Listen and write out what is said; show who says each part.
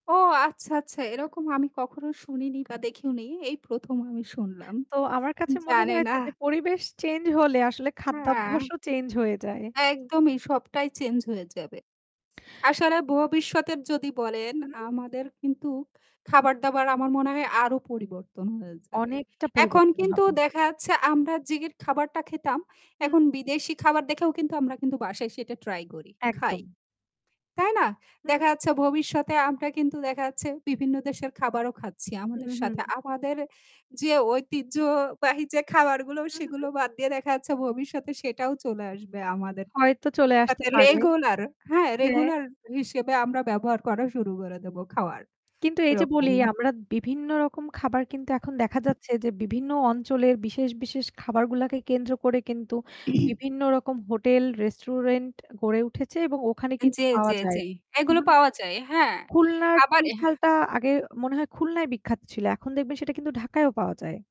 Speaker 1: ও আচ্ছা, আচ্ছা, এরকম আমি কখনো শুনিনি বা দেখিও নি। এই ১ম আমি শুনলাম।
Speaker 2: তো আমার কাছে মনে
Speaker 1: জানে না
Speaker 2: হয়েছে যে পরিবেশ চেঞ্জ হলে আসলে
Speaker 1: হ্যাঁ।
Speaker 2: খাদ্যাভ্যাসও চেঞ্জ হয়ে যায়।
Speaker 1: একদমই সবটাই চেঞ্জ হয়ে যাবে। আসলে ভবিষ্যতের যদি বলেন
Speaker 2: হু।
Speaker 1: আমাদের কিন্তু খাবার-দাবার আমার মনে হয় আরও পরিবর্তন হয়ে যাবে।
Speaker 2: অনেকটা
Speaker 1: এখন
Speaker 2: পরিবর্তন
Speaker 1: কিন্তু
Speaker 2: হবে।
Speaker 1: দেখা যাচ্ছে আমরা যে খাবারটা খেতাম এখন
Speaker 2: হুম।
Speaker 1: বিদেশি খাবার দেখেও কিন্তু আমরা কিন্তু বাসায় এসে ট্রাই করি খাই
Speaker 2: একদম।
Speaker 1: তাই না? দেখা
Speaker 2: হু।
Speaker 1: যাচ্ছে ভবিষ্যতে আমরা কিন্তু দেখা যাচ্ছে বিভিন্ন দেশের খাবারও খাচ্ছি
Speaker 2: হু,
Speaker 1: আমাদের
Speaker 2: হু।
Speaker 1: সাথে, আমাদের যে ঐতিহ্যবাহী যে খাবারগুলো
Speaker 2: হু, হু।
Speaker 1: সেগুলো বাদ দিয়ে দেখা যাচ্ছে ভবিষ্যতে সেটাও চলে আসবে আমাদের
Speaker 2: হয়তো চলে আসতে
Speaker 1: তাতে
Speaker 2: পারে।
Speaker 1: রেগুলার হ্যাঁ
Speaker 2: হ্যাঁ।
Speaker 1: রেগুলার হিসেবে আমরা ব্যবহার করা শুরু করে দেব খাওয়ার
Speaker 2: কিন্তু এই যে বলি
Speaker 1: এরকমই।
Speaker 2: আমরা বিভিন্ন রকম খাবার কিন্তু এখন দেখা যাচ্ছে যে বিভিন্ন অঞ্চলের বিশেষ, বিশেষ, খাবারগুলাকে কেন্দ্র করে কিন্তু বিভিন্ন রকম হোটেল রেস্টুরেন্ট গড়ে উঠেছে এবং ওখানে
Speaker 1: জি,
Speaker 2: কিন্তু পাওয়া
Speaker 1: জি,
Speaker 2: যায়।
Speaker 1: জি। এগুলো
Speaker 2: উহুম।
Speaker 1: পাওয়া যায়। হ্যাঁ।
Speaker 2: খুলনার
Speaker 1: আবার
Speaker 2: চুই
Speaker 1: এ
Speaker 2: ঝালটা আগে মনে হয় খুলনায় বিখ্যাত ছিল। এখন দেখবেন সেটা কিন্তু ঢাকায়ও পাওয়া যায়।